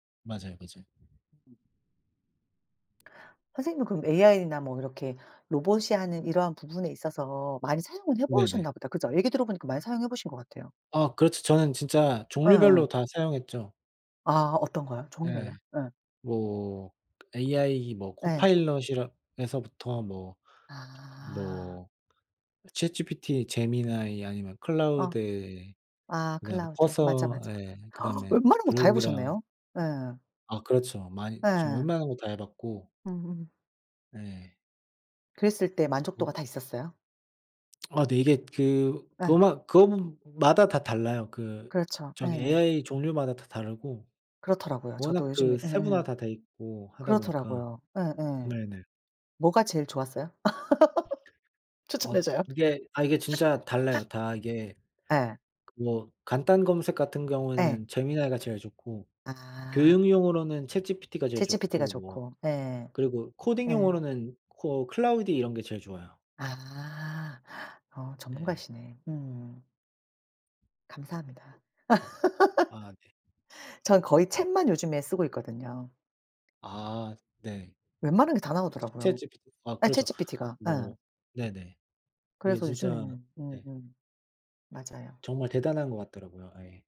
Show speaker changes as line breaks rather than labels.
맞아요, 맞아요.
선생님은 그럼 에이아이나 뭐 이렇게 로봇이 하는 이러한 부분에 있어서 많이 사용을
네네.
해보셨나 보다. 그죠. 얘기 들어보니까 많이 사용해 보신 것 같아요.
아 그렇죠. 저는 진짜
예예.
종류별로 다 사용했죠.
아 어떤 거요?
네.
종류별로요. 예.
뭐 에이아이 뭐
예.
Copilot이라 에서부터 뭐
아.
뭐 ChatGPT, Gemini 아니면
어.
Claude
아
그다음에
Claude 맞아,
Cursor
맞아.
예 그다음에
웬만한 거 다
Grok이랑
해보셨네요. 예.
아 그렇죠. 많이 지금
예.
웬만한 거 다 해봤고.
음.
네.
그랬을 때
그
만족도가 다
[unintelligible]
있었어요?
아 네. 이게 그 그거
예.
마 그거 마다 다 달라요. 그
그렇죠.
저기
예예.
에이아이 종류마다 다 다르고
그렇더라고요. 저도
워낙 그
요즘에 예예.
세분화가 다 돼있고 하다 보니까.
그렇더라고요. 예예.
네네.
뭐가 제일 좋았어요? 추천해
앗
줘요.
이게 아 이게 진짜 달라요. 다 이게
예.
그거 간단 검색 같은
예.
경우에는 Gemini가 제일 좋고
아.
교육용으로는 ChatGPT가 제일
ChatGPT가
좋고 뭐
좋고 네.
그리고
예.
코딩용으로는 코 Claude 이런 게 제일 좋아요.
아. 어
예예.
전문가시네. 음. 감사합니다.
아 네.
저는 거의 챗만 요즘에 쓰고 있거든요.
아 네.
웬만한 게 다 나오더라고요.
ChatGPT 아
예
그렇죠.
ChatGPT가. 예.
뭐 네네. 이게
그래서
진짜
요즘에는
네.
음음 맞아요.
정말 대단한 거 같더라고요. 예.